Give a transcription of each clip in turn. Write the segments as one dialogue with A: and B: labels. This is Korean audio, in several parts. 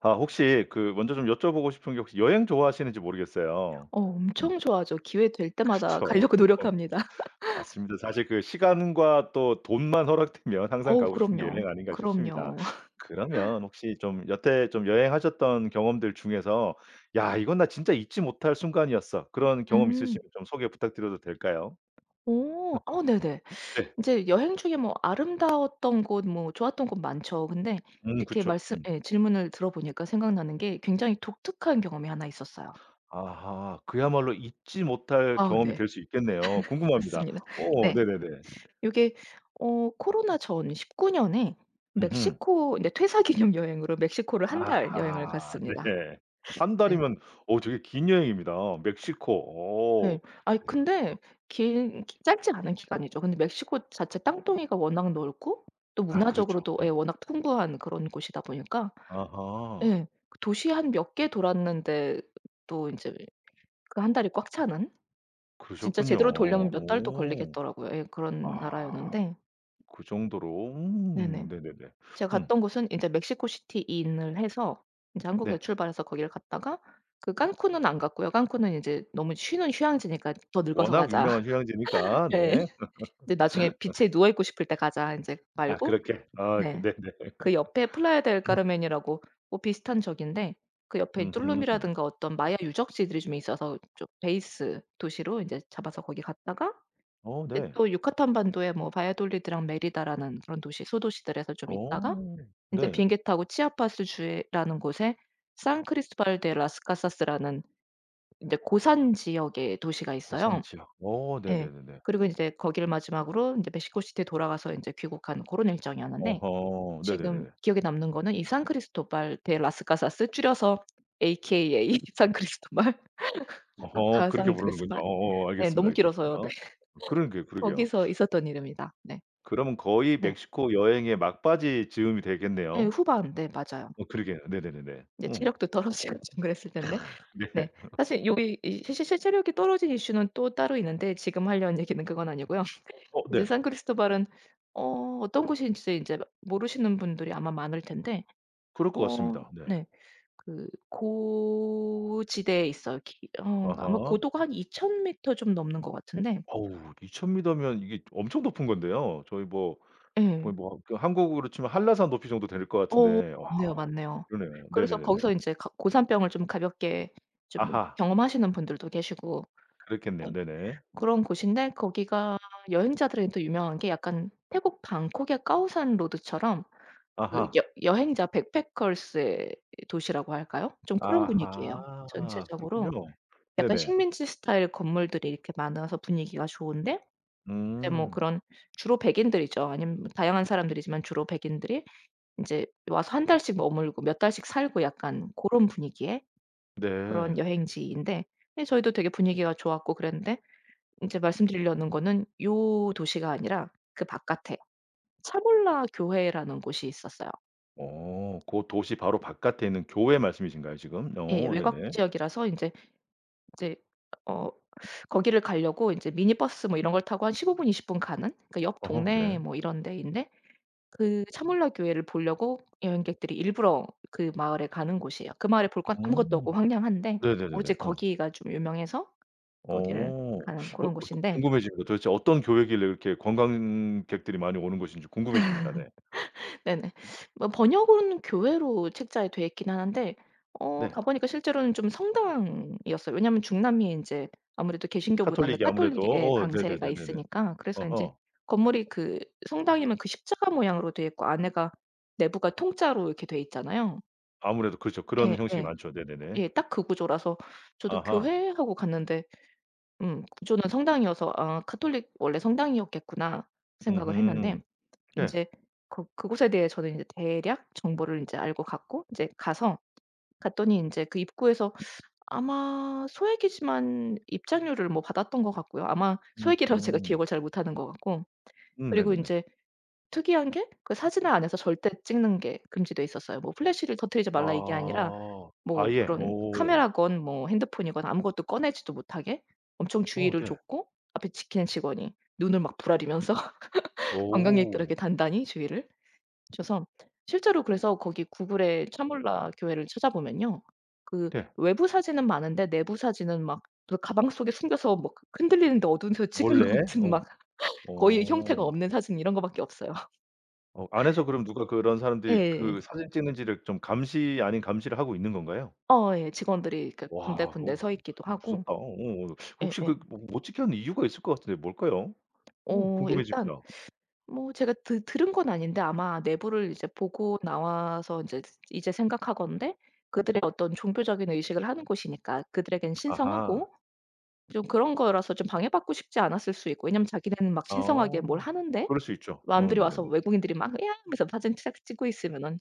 A: 아 혹시 그 먼저 좀 여쭤보고 싶은 게 혹시 여행 좋아하시는지 모르겠어요.
B: 어
A: 음.
B: 엄청 좋아하죠. 기회 될
A: 그렇죠.
B: 때마다 가려고 노력합니다.
A: 맞습니다. 사실 그 시간과 또 돈만 허락되면 항상
B: 어우
A: 가고 싶은게
B: 그럼요.
A: 여행 아닌가 싶습니다.
B: 그럼요.
A: 그러면 혹시 좀 여태 좀 여행하셨던 경험들 중에서 '야 이건 나 진짜 잊지 못할 순간이었어.' 그런 경험
B: 음.
A: 있으시면 좀 소개 부탁드려도 될까요?
B: 오. 아 네네.
A: 네.
B: 인제 여행 중에 뭐 아름다웠던 곳 뭐 좋았던 곳 많죠. 근데
A: 음
B: 이렇게
A: 그쵸.
B: 말씀
A: 음
B: 예 질문을 들어보니까 생각나는 게 굉장히 독특한 경험이 1 있었어요.
A: 아하. 그야말로 잊지 못할
B: 아
A: 경험이
B: 네.
A: 될 수 있겠네요. 궁금합니다.
B: 맞습니다.
A: 오
B: 네.
A: 네네네.
B: 요게 어 코로나 전 19 년에
A: 음흠.
B: 멕시코인데 퇴사기념 여행으로 멕시코를 1 달 여행을
A: 아하.
B: 갔습니다.
A: 네. 1
B: 네.
A: 달이면 어 되게 긴 여행입니다. 멕시코. 어.
B: 네. 아이
A: 네.
B: 근데
A: 어.
B: 긴 짧지 않은 기간이죠. 근데 멕시코 자체 땅덩이가 워낙 넓고 또
A: 아 그렇죠.
B: 문화적으로도 예
A: 예.
B: 워낙 풍부한 그런 곳이다 보니까
A: 아하.
B: 예 도시 한 몇 개 돌았는데 또 이제 그 1 달이 꽉 차는 진짜
A: 그러셨군요.
B: 제대로 돌려면 몇 달도
A: 오.
B: 걸리겠더라고요. 예 그런
A: 아.
B: 나라였는데.
A: 그 정도로? 음
B: 네네.
A: 네네네.
B: 제가
A: 음.
B: 갔던 곳은 인제 멕시코 시티 in을 해서 이제 한국에
A: 네.
B: 출발해서 거기를 갔다가 그 깐쿤은 안 갔고요. '깐쿤은 이제 너무 쉬는 휴양지니까 더 늙어서
A: 워낙
B: 가자.'
A: 유명한 휴양지니까.
B: 예.
A: 네.
B: 네 '나중에 비치에 누워 있고 싶을 때 가자.' 인제
A: 아
B: 말고
A: 그렇게? 아
B: 네.
A: 네 네.
B: 그 옆에 플라야 델 카르멘이라고 뭐 비슷한 저기인데 그 옆에
A: 음흠.
B: 똘룸이라든가 어떤 마야 유적지들이 좀 있어서 저 베이스 도시로 인제 잡아서 거기 갔다가
A: 어
B: 이제
A: 네.
B: 또 유카탄 반도에 뭐 바이아돌리드랑 메리다라는 그런 도시 소도시들에서 좀
A: 어.
B: 있다가 이제
A: 네.
B: 비행기 타고 치아파스 주에라는 곳에 산크리스토발 대 라스카사스라는 인제 고산지역의 도시가 있어요.
A: 고산지역. 어
B: 예.
A: 네네네네.
B: 그리고 이제 거기를 마지막으로 인제 멕시코시티에 돌아가서 인제 귀국한 고런 일정이었는데
A: 어허.
B: 지금
A: 네네네네.
B: 기억에 남는 거는 이산크리스토발 대 라스가사스 줄여서 AKA 산크리스토발
A: 어허 그렇게
B: 가상
A: 부르는군요.
B: 그리스발
A: 어어어
B: 예
A: 알겠습니다,
B: 너무
A: 알겠습니다.
B: 길어서 네
A: 그러게요, 그러게요.
B: 거기서 있었던 일입니다. 네.
A: 그러면 거의
B: 네.
A: 멕시코 여행의 막바지 즈음이
B: 예
A: 되겠네요.
B: 후반 네 맞아요.
A: 어 그러게요. 네네네네.
B: 인제
A: 어.
B: 체력도 떨어지고 좀 그랬을 때인데 네
A: 네.
B: 사실 요기 이 사실 사실 체력이 떨어진 이슈는 또 따로 있는데 지금 하려는 얘기는 그건 아니고요.
A: 어
B: 이제
A: 네.
B: 산크리스토발은 어 어떤 곳인지 인제를 모르시는 분들이 아마 많을 텐데
A: 그럴 것
B: 어
A: 같습니다. 네.
B: 네 그 고 지대에 있어요. 기 어 아마
A: 아하.
B: 고도가 한 2,000 미터 좀 넘는 것 같은데
A: 어우 2,000 미터면 이게 엄청 높은 건데요. 저희 뭐
B: 예.
A: 거의 뭐 그 한국으로 치면 한라산 높이 정도 될 것
B: 어
A: 같은데 아
B: 맞네요. 맞네요.
A: 그러네요.
B: 그래서
A: 네네네네.
B: 거기서 인제 가 고산병을 좀 가볍게 좀
A: 아하.
B: 경험하시는 분들도 계시고
A: 그렇겠네요.
B: 네
A: 네네.
B: 그런 곳인데 거기가 여행자들한테 유명한 게 약간 태국 방콕의 까오산 로드처럼 그
A: 아하.
B: 여 여행자 backpackers의 도시라고 할까요? 좀 그런 분위기에요.
A: 아하. 그렇군요.
B: 전체적으로 약간
A: 네네.
B: 식민지 스타일 건물들이 이렇게 많아서 분위기가 좋은데 이제 뭐
A: 음.
B: 그런 주로 백인들이죠. 아님 다양한 사람들이지만 주로 백인들이 인제 와서 1 달씩 머물고 몇 달씩 살고 약간 고런 분위기의
A: 네.
B: 그런 여행지인데 예 저희도 되게 분위기가 좋았고 그랬는데 이제 말씀드리려는 거는 요 도시가 아니라 그 바깥에 차물라 교회라는 곳이 있었어요.
A: 어. 고 도시 바로 바깥에 있는 교회 말씀이신가요 지금?
B: 예.
A: 오
B: 외곽
A: 네네.
B: 지역이라서 인제 이제 어 거기를 가려고 이제 미니 버스 뭐 이런 걸 타고 한 15 분, 20 분 가는? 그러니까 옆
A: 어허.
B: 동네
A: 네.
B: 뭐 이런 데인데 그 차물라 교회를 보려고 여행객들이 일부러 그 마을에 가는 곳이에요. 그 마을에 볼 건 아무것도 없고
A: 오.
B: 황량한데 오로지
A: 네네네네. 어.
B: 거기가 좀 유명해서 거기를
A: 어. 어
B: 가는
A: 그
B: 그런 곳인데
A: 궁금해집니다. 도대체 어떤 교회길래 이렇게 관광객들이 많이 오는 것인지 궁금해집니다. 네.
B: 네네. 뭐 번역은 교회로 책자에 되어 있기는 하는데 어
A: 네.
B: 가 보니까 실제로는 좀 성당이었어요. 왜냐하면 중남미에 인제 아무래도 개신교보다는
A: 카톨릭이
B: 가톨릭의
A: 아무래도.
B: 예
A: 어
B: 강세가
A: 네네네네네.
B: 있으니까 그래서인지
A: 아하.
B: 건물이 그 성당이면 그 십자가 모양으로 되어 있고 안에가 내부가 통짜로 이렇게 되어 있잖아요.
A: 아무래도 그렇죠. 그런
B: 예
A: 형식이
B: 예.
A: 많죠. 네네네.
B: 예 딱 그 구조라서 저도
A: 아하.
B: '교회?' 하고 갔는데 구조는 성당이어서 아 카톨릭 '원래 성당이었겠구나.' 생각을 했는데
A: 음흠. 예.
B: 인제 그 그곳에 대해 저는 인제 대략 정보를 인제 알고 갔고 인제 가서 갔더니 인제 그 입구에서 아마 소액이지만 입장료를 뭐 받았던 것 같고요. 아마 소액이라 제가
A: 음흠.
B: 기억을 잘 못하는 것 같고
A: 음
B: 그리고
A: 네네네.
B: 인제 특이한 게 그 사진을 안에서 절대 찍는 게 금지돼 있었어요. 뭐 플래시를 터트리지 말라 이게 아니라
A: 아.
B: 뭐
A: 아예?
B: 그런
A: 오.
B: 카메라건 뭐 핸드폰이건 아무것도 꺼내지도 못하게 엄청
A: 어
B: 주의를
A: 네.
B: 줬고 앞에 지키는 직원이 눈을 막 부라리면서 관광객들에게
A: 오.
B: 단단히 주의를 줘서 실제로 그래서 거기 구글에 차물라 교회를 찾아보면요. 그
A: 네.
B: 외부 사진은 많은데 내부 사진은 막 그 가방 속에 숨겨서 막 흔들리는데 어두운 데서 찍은
A: 원래?
B: 것 같은
A: 어.
B: 막 거의 형태가
A: 오.
B: 없는 사진 이런 것밖에 없어요.
A: 어 안에서 그럼 누가 그런 사람들이
B: 예.
A: 그 사진 찍는지를 좀 감시 아닌 감시를 하고 있는 건가요?
B: 어 예. 직원들이 그러니까
A: 와.
B: 군데군데
A: 오우
B: 서 있기도 하고
A: 무섭다. 오오. 혹시
B: 예예.
A: 그 못 못 찍게 하는 이유가 있을 것 같은데 뭘까요? 오
B: 어 일단
A: 궁금해집니다.
B: 뭐 제가 드 들은 건 아닌데 아마 내부를 이제 보고 나와서 인제 스 이제 생각하건대 그들의 어떤 종교적인 의식을 하는 곳이니까 그들에게는
A: 아하.
B: 신성하고 좀 그런 거라서 좀 방해받고 싶지 않았을 수 있고 왜냐하면 자기는 막 신성하게
A: 어.
B: 뭘 하는데
A: 그럴 수 있죠. 어
B: 남들이 와서
A: 네네네.
B: 외국인들이 막 "이야." 하면서 사진 짝 찍고 있으면은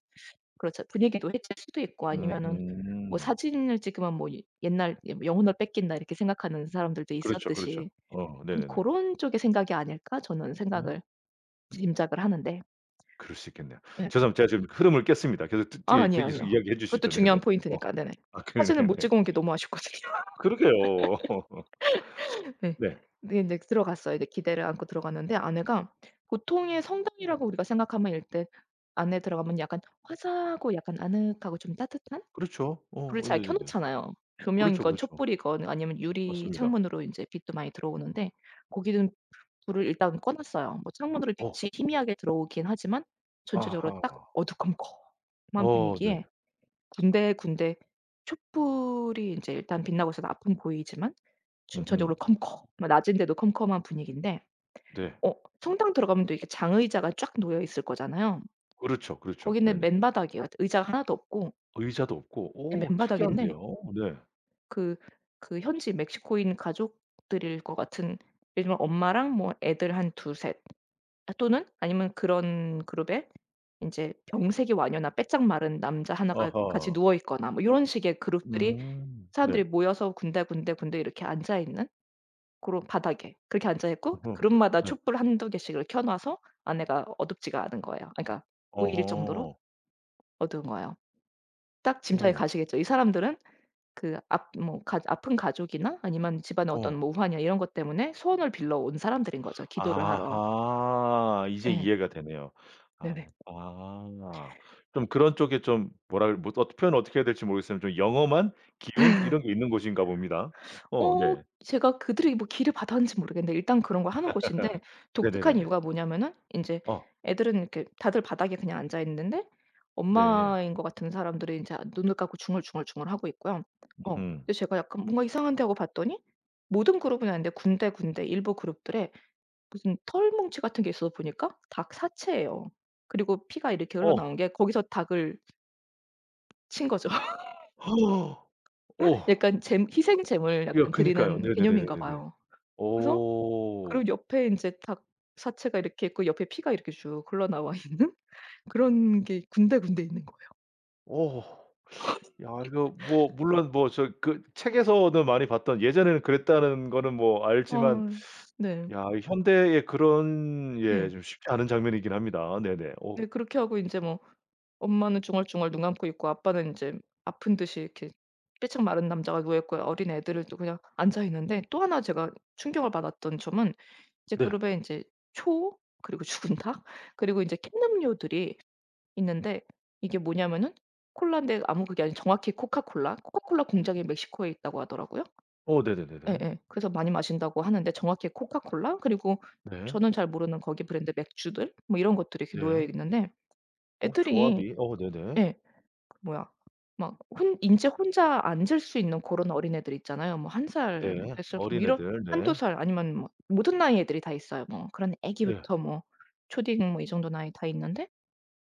B: 그렇잖 분위기도 해칠 수도 있고 아니면은 뭐
A: 음흠.
B: 사진을 찍으면 뭐 예 옛날 여 '영혼을 뺏긴다.' 이렇게 생각하는 사람들도
A: 그렇죠, 그렇죠.
B: 있었듯이
A: 어.
B: 좀
A: 네네네.
B: '고런 쪽의 생각이 아닐까.' 저는
A: 음.
B: 생각을 짐작을 하는데
A: 그럴 수 있겠네요.
B: 예.
A: 죄송합 제가 지금 흐름을 깼습니다. 계속 뜨
B: 아
A: 뜨 예
B: 아니요
A: 계속
B: 아니요.
A: 이야기해
B: 그것도
A: 주시죠. 네네.
B: 중요한
A: 어.
B: 포인트니까 네네.
A: 아 그러네.
B: 사진을 못
A: 네.
B: 찍어 온 게 너무 아쉽거든요.
A: 그러게요.
B: 예.
A: 네.
B: 근데 이제 들어갔어요. 이제 기대를 안고 들어갔는데 안에가 보통의 성당이라고 우리가 생각하면 일단 안에 들어가면 약간 화사하고 약간 아늑하고 좀 따뜻한
A: 그렇죠. 어.
B: 불을
A: 어
B: 잘 켜
A: 네네네네.
B: 놓잖아요.
A: 그렇죠,
B: 조명이건
A: 그렇죠.
B: 촛불이건 아니면 유리
A: 맞습니다.
B: 창문으로 인제 빛도 많이 들어오는데 거기는 불을 일단 꺼 놨어요. 뭐 창문으로
A: 어.
B: 빛이 희미하게 들어오긴 하지만 전체적으로 딱
A: 아하.
B: 어두컴컴한
A: 어 네.
B: 분위기에 군데군데 촛불이 이제 일단 빛나고 있어서 앞은 보이지만 전체적으로
A: 음흠.
B: 컴컴한 낮인데도 컴컴한 분위기인데
A: 네.
B: 어 성당 들어가면 또 이렇게 장의자가 쫙 놓여 있을 거잖아요.
A: 그렇죠, 그렇죠.
B: 거기는
A: 네네.
B: 맨바닥이에요. 의자 1 도 없고
A: 의자도 없고?
B: 예
A: 오 특이한데요.
B: 맨바닥인데
A: 네.
B: 그 그 현지 멕시코인 가족들일 것 같은 예를 들면 엄마랑 뭐 애들 한 2 3 또는 아니면 그런 그룹에 인제 병색이 완연한 빼짝 마른 남자 1 가 같이
A: 아하.
B: 누워있거나 뭐 요런 식의 그룹들이
A: 음. 네.
B: 사람들이 모여서 군데 군데 군데 이렇게 앉아 있는 고런 바닥에 그렇게 앉아 있고
A: 어허.
B: 그룹마다
A: 네.
B: 촛불 1-2 개씩을 켜놔서 안에가 어둡지가 않은 거예요. 아 그러니까 안 보일 정도로
A: 어허.
B: 어두운 거예요. 딱 짐작이
A: 오.
B: 가시겠죠? 이 사람들은 그 압 뭐 가조 아픈 가족이나 아니면 집안에 어떤
A: 어.
B: 뭐 우환이나 이런 것 때문에 소원을 빌려 온 사람들인 거죠 기도를 하러.
A: 아하. 이제
B: 예.
A: 이해가 되네요.
B: 네네.
A: 아하. 그럼 그런 쪽에 좀 뭐라 해 뭐 어떻 표현 어떻게 해야할지 모르겠습 좀 영험한 기운 이런 게 있는 곳인가 봅니다. 어
B: 어
A: 네.
B: 제가 그들에게 뭐 기를 받았는지 모르겠는데 일단 그런 걸 하는 곳인데 독특한
A: 네네네네.
B: 이유가 뭐냐하면은 인제
A: 어.
B: 애들은 이렇게 다들 바닥에 그냥 앉아 있는데
A: 네.
B: 엄마인 것 같은 사람들은 자 눈을 감고 중얼 중얼 중얼하고 있고요. 어.
A: 음흠.
B: 제가 약간 '뭔가 이상한데.' 하고 봤더니 모든 그룹은 아닌데 군데 군데 일부 그룹들에 무슨 털뭉치 같은 게 있어서 보니까 닭 사체예요. 그리고 피가 이렇게 흘러나오는
A: 어.
B: 게 거기서 닭을 친 거죠.
A: 오.
B: 약간 잼 희생 재물을
A: 여
B: 약간
A: 그니까요.
B: 드리는 개념인가
A: 네네네네네네.
B: 봐요. 그래서 그리고
A: 오.
B: 옆에 인제 닭 사체가 이렇게 있고 옆에 피가 이렇게 쭉 흘러 나와 있는 그런 게 군데 군데 있는 거예요.
A: 오. 야 이거 뭐 물론 뭐 저 그 책에서도 많이 봤던 예전에는 그랬다는 거는 뭐 알지만
B: 어 네.
A: 야 이 현대에 그런 예
B: 예.
A: 쉽지 않은 장면이긴 합니다. 네네. 오.
B: 네 그렇게 하고 인제 뭐 엄마는 중얼중얼 눈 감고 있고 아빠는 인제 아픈 듯이 이렇게 삐쩍 마른 남자가 누워 있고요. 어린 애들은 또 그냥 앉아 있는데 또 1 제가 충격을 받았던 점은 인제
A: 네.
B: 그룹에 이제 초 그리고 죽은 닭 그리고 인제 캔음료들이 있는데 이게 뭐냐하면은 콜라인데 아무 그게 아니라 정확히 코카콜라 코카콜라 공장이 멕시코에 있다고 하더라고요.
A: 어 네네네네.
B: 예예. 그래서 많이 마신다고 하는데 정확히 코카콜라 그리고
A: 네.
B: 저는 잘 모르는 거기 브랜드 맥주들 뭐 이런 것들이 이렇게 놓여
A: 네.
B: 있는데
A: 어
B: 애들이
A: 조합이? 어 네네.
B: 예 그 뭐야 막 혼 인제 혼자 앉을 수 있는 그런 어린 애들 있잖아요. 뭐 1 살
A: 네.
B: 몇 살 뭐 이런
A: 어린애들?
B: 1-2
A: 네.
B: 살 아니면 막 모든 나이의 애들이 다 있어요. 뭐 그런
A: 예.
B: 애기부터 뭐 초딩 뭐 이 정도 나이 다 있는데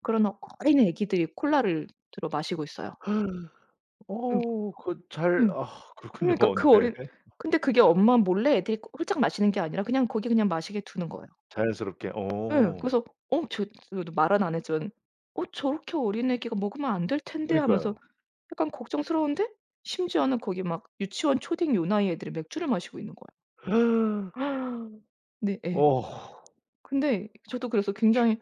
B: 그런 어 어린 애기들이 콜라를 들어 마시고 있어요. 음.
A: 어 그거 잘
B: 음.
A: 아 그렇군요.
B: 그러니까
A: 네.
B: 그 어린 근데 그게 엄마 몰래 애들이 그 홀짝 마시는 게 아니라 그냥 거기 그냥 마시게 두는 거예요.
A: 자연스럽게?
B: 예.
A: 어.
B: 그래서 어 저 그래도 말은 안 했지만 '어 저렇게 어린 애기가 먹으면 안 될 텐데?' 하면서
A: 그니까요.
B: 약간 걱정스러운데 심지어는 거기 막 유치원, 초딩 요 나이 애들이 맥주를 마시고 있는 거예요. 네 예.
A: 어.
B: 근데 저도 그래서
A: 이게
B: 굉장히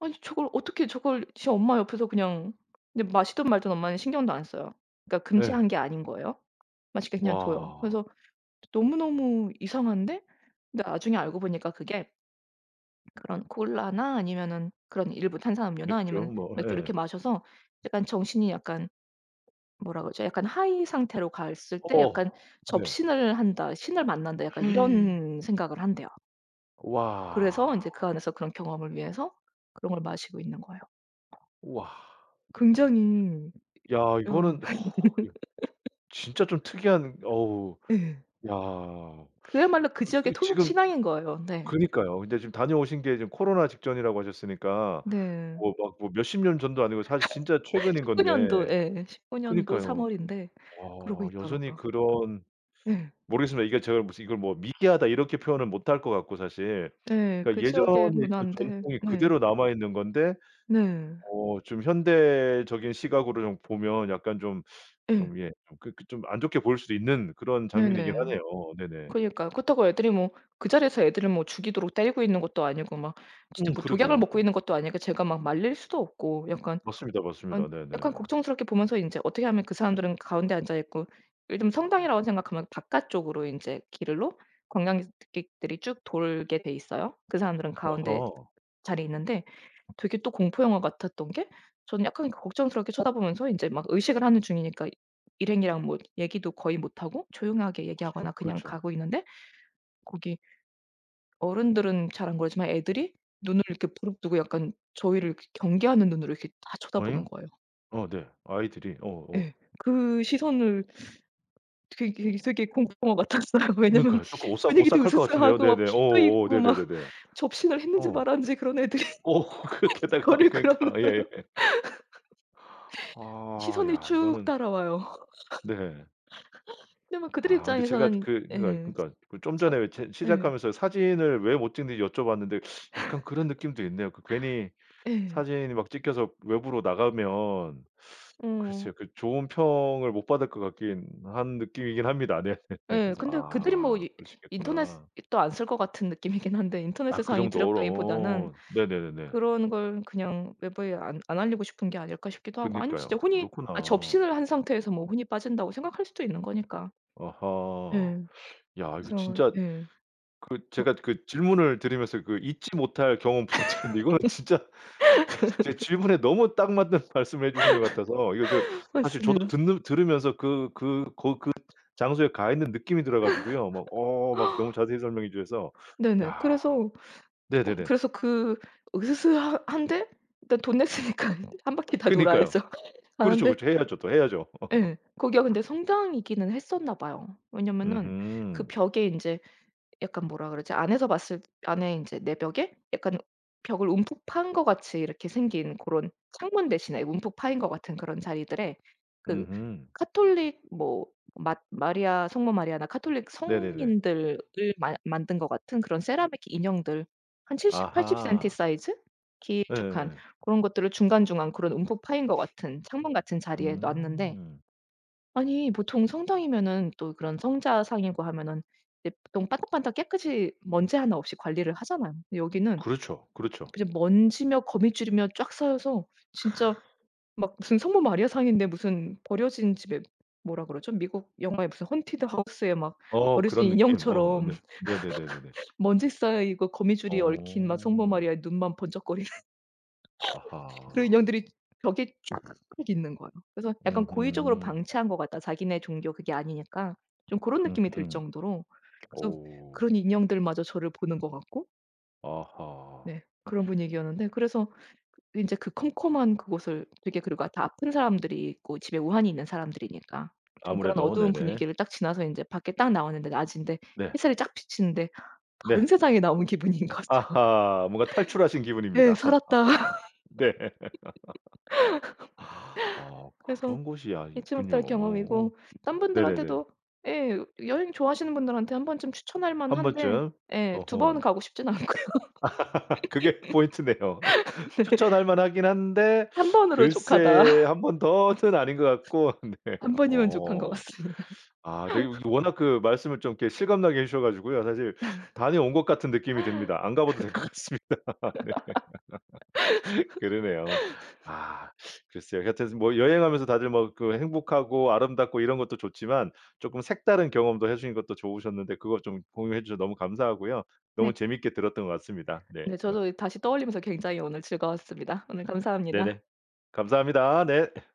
B: '아니 저걸 어떻게 저걸 지 엄마 옆에서 그냥' 근데 마시든 말든 엄마는 신경도 안 써요. 그러니까
A: 예.
B: 금지한 게 아닌 거예요. 마시게 그냥 둬요.
A: 와.
B: 그래서 너무 너무 이상한데 근데 나중에 알고 보니까 그게 그런 콜라나 아니면은 그런 일부 탄산음료나
A: 맥주?
B: 아니면
A: 뭐
B: 맥주 이렇게
A: 예.
B: 마셔서 약간 정신이 약간 뭐라 그러죠? 약간 high 상태로 갔을 때 약간
A: 어. 네.
B: '접신을 한다. 신을 만난다.' 약간 이런 생각을 한대요. 그래서
A: 와.
B: 인제 그 안에서 그런 경험을 위해서 그런 걸 마시고 있는 거예요. 어.
A: 와.
B: 굉장히
A: 야
B: 어.
A: 이거는 어 예 진짜 좀 특이한 어우
B: 예.
A: 야.
B: 그야말로 그
A: 그 그
B: 지역의 토속
A: 지금
B: 신앙인 거예요. 네.
A: 그니까요. 근데 지금 다녀오신 게 지금 코로나 직전이라고 하셨으니까
B: 네.
A: 뭐 막 뭐 몇십 년 전도 아니고 사실 진짜 최근인
B: 19
A: 건데.
B: 년도. 예 19 년도 3
A: 그니까요.
B: 월인데 그러고
A: 어 여전히
B: 있더라고요.
A: 그런
B: 예.
A: 모르겠습니다. 이게 제가 무슨 이걸 뭐 "미개하다." 이렇게 표현을 못할 것 같고 사실
B: 예.
A: 그
B: 그 지역의
A: 예전의 그
B: 문화인데
A: 전통이
B: 네.
A: 그대로 남아 있는 건데
B: 네.
A: 어 좀 현대적인 시각으로 좀 보면 약간 좀,
B: 예.
A: 좀 예 좀 그렇게 좀 안 좋게 보일 수도 있는 그런
B: 네
A: 장면이긴
B: 네.
A: 하네요. 네네.
B: 그러니까요. 그렇다고 애들이 뭐 그 자리에서 애들을 뭐 죽이도록 때리고 있는 것도 아니고 막
A: 음
B: 진짜 막 진짜 뭐 독약을
A: 그러게요.
B: 먹고 있는 것도 아니니까 제가 막 말릴 수도 없고 약간
A: 맞습니다.
B: 안
A: 맞습니다. 네네.
B: 걱정스럽게 보면서 인제 어떻게 하면 그 사람들은 가운데 앉아 있고 요즘 성당이라고 생각하면 바깥쪽으로 인제 길로 관광객들이 쭉 돌게 돼 있어요. 그 사람들은 가운데
A: 아하.
B: 자리에 있는데 되게 또 공포 영화 같았던 게 저는 약간 걱정스럽게 쳐다보면서 인제 막 의식을 하는 중이니까 일행이랑 뭐 얘기도 거의 못하고 조용하게
A: 그렇죠.
B: 얘기하거나 그냥
A: 그렇죠.
B: 가고 있는데 거기 어른들은 잘 안 그러지만 애들이 눈을 이렇게 부릅뜨고 약간 저희를 그 경계하는 눈으로 이렇게 다
A: 오잉?
B: 쳐다보는 거예요.
A: 아 네. 아이들이? 어
B: 예.
A: 어.
B: 그 시선을 되게 되게 공포 영화 같았어요. 왜냐하면
A: 그니까요. 쪼끔 오싹
B: 분위기도
A: 오싹할 것 같은데요?
B: 으스스하고 막
A: 네네.
B: 피도
A: 오 오.
B: 있고 막
A: 네네네네.
B: 접신을 했는지
A: 어.
B: 말았는지 그런 애들이
A: 그렇게 하다가
B: 저를 그런 그런
A: 그니까 예.
B: 눈으로.
A: 아.
B: 시선이
A: 야
B: 쭉
A: 이거는
B: 따라와요.
A: 네.
B: 근데 막 그들의
A: 아 근데 제가
B: 입장에서는
A: 그
B: 예.
A: 그러니까 그러니까 그 좀
B: 진짜
A: 전에 왜 이제
B: 예.
A: 시작하면서 사진을 왜 못찍는지 여쭤봤는데 약간 그런 느낌도 있네요. 그 괜히
B: 예.
A: 사진이 막 찍혀서 외부로 나가면
B: 어.
A: 글쎄요. 그 좋은 평을 못 받을 것 같긴 한 느낌이긴 합니다. 네.
B: 예.
A: 그래서
B: 근데 그들이 뭐
A: 아.
B: 이
A: 그럴 수 있겠구나.
B: 인터넷으도 안 쓸 것 같은 느낌이긴 한데 인터넷
A: 아 그
B: 세상이
A: 정도로
B: 두렵다기보다는
A: 어. 네네네네.
B: '그런 걸 그냥 외부에 안 안 알리고 싶은 게 아닐까.' 싶기도 하고 아니면
A: 그니까요.
B: 진짜 혼이 아
A: 그렇구나.
B: 접신을 한 상태에서 뭐 혼이 빠진다고 생각할 수도 있는 거니까.
A: 아하.
B: 예.
A: 야 이거
B: 그래서
A: 진짜
B: 예.
A: 그
B: 막
A: 제가 그 질문을 들으면서 그 잊지 못할 경험 부탁드렸는데 이건 진짜 제 제 질문에 너무 딱 맞는 말씀해 주시는 것 같아서 이거 저 사실 저도
B: 맞습니다.
A: 듣는 들으면서 그 그 거 그 장소에 가 있는 느낌이 들어 가지고요. 막 어 막 너무 자세히 설명해 주셔서
B: 네네.
A: 야.
B: 그래서 쪼금
A: 네네네.
B: 그래서 그 으스스하 한데 그 돈 냈으니까 1 바퀴 다
A: 그니까요.
B: 돌아야죠.
A: 그렇죠,
B: 가는데
A: 그렇죠. 해야죠. 또 해야죠.
B: 예. 거기가 근데 성당이기는 했었나봐요. 왜냐하면은 그
A: 음흠.
B: 벽에 인제 약간 뭐라 그러지? 안에서 봤을 안에 인제 내벽에 약간 벽을 움푹 판 것 같이 이렇게 생긴 고런 창문 대신에 움푹 파인 것 같은 그런 자리들에 그
A: 음흠.
B: 가톨릭 뭐 마 마리아 성모 마리아나 가톨릭
A: 네네네.
B: 성인들을 마 만든 것 같은 그런 세라믹 인형들 한 70 80 센티
A: 아하.
B: 사이즈 길쭉한
A: 예예예.
B: 고런 것들을 중간중간 그런 움푹 파인 것 같은 창문 같은 자리에 놓았는데
A: 음.
B: 아니 보통 성당이면은 또 그런 성자상이고 하면은 이제 보통 반짝반짝 깨끗이 먼지 1 없이 관리를 하잖아요. 근데 여기는
A: 그렇죠. 그렇죠.
B: 그냥 먼지며 거미줄이며 쫙 쌓여서 진짜 막 무슨 성모 마리아상인데 무슨 버려진 집에 뭐라 그러죠? 미국 영화에 무슨 헌티드 하우스의 막
A: 어 그런
B: 버려진
A: 느낌? 어
B: 인형처럼
A: 네. 네네네네네.
B: 먼지 쌓여 이거 거미줄이 얽힌 막 성모
A: 오.
B: 마리아의 눈만 번쩍거리는 그런
A: 아하.
B: 인형들이 벽에 쫙 있는 거예요. 그래서 '약간 고의적으로
A: 음흠.
B: 방치한 것 같다. 자기네 종교 그게 아니니까.' 좀 고런 느낌이 들
A: 음흠.
B: 정도로 그래서
A: 오우.
B: 그런 인형들마저 저를 보는 것 같고
A: 아하.
B: 네. 그런 분위기였는데 그래서 인제 그 컴컴한 그곳을 되게 그리고 다 아픈 사람들이 있고 집에 우환이 있는 사람들이니까 좀 그런
A: 아무래도.
B: 어두운
A: 네네.
B: 분위기를 딱 지나서 인제 밖에 딱 나왔는데 낮인데
A: 네.
B: 햇살이 쫙 비치는데 다른
A: 네.
B: 세상에 나온 기분인 거죠.
A: 아하. 뭔가 탈출하신
B: 네
A: 기분입니다.
B: '살았다.'
A: 네. 아
B: 그래서
A: 그런 곳이 아
B: 잊지
A: 있군요.
B: 못할
A: 오.
B: 경험이고 딴
A: 네네네.
B: 분들한테도 예 여행 좋아하시는 분들한테 한 번쯤 추천할
A: 1
B: 만한데
A: 번쯤?
B: 예 2 번은
A: 어허.
B: 가고 싶진 않고요.
A: 그게 포인트네요.
B: 네.
A: 추천할 만하긴 한데
B: 1 번으로 족하다.
A: 글쎄 1 번 더는 아닌 것 같고 네.
B: 1 번이면 족한 것
A: 어.
B: 같습니다.
A: 아 네 이 워낙 그 말씀을 좀 이렇게 실감나게 해 주셔 가지고요. 사실 다녀온 것 같은 느낌이 듭니다. 안 가 봐도 될 것 같습니다. 네. 그러네요. 아 글쎄요. 하여튼 스 뭐 여행하면서 다들 뭐 그 행복하고 아름답고 이런 것도 좋지만 쪼끔 색다른 경험도 해 주신 것도 좋으셨는데 그걸 좀 공유해 주셔서 너무 감사하고요. 너무
B: 네.
A: 재미있게 들었던 것 같습니다. 네.
B: 네. 저도 다시 떠올리면서 굉장히 오늘 즐거웠습니다. 오늘
A: 네네.
B: 감사합니다.
A: 감사합니다. 네.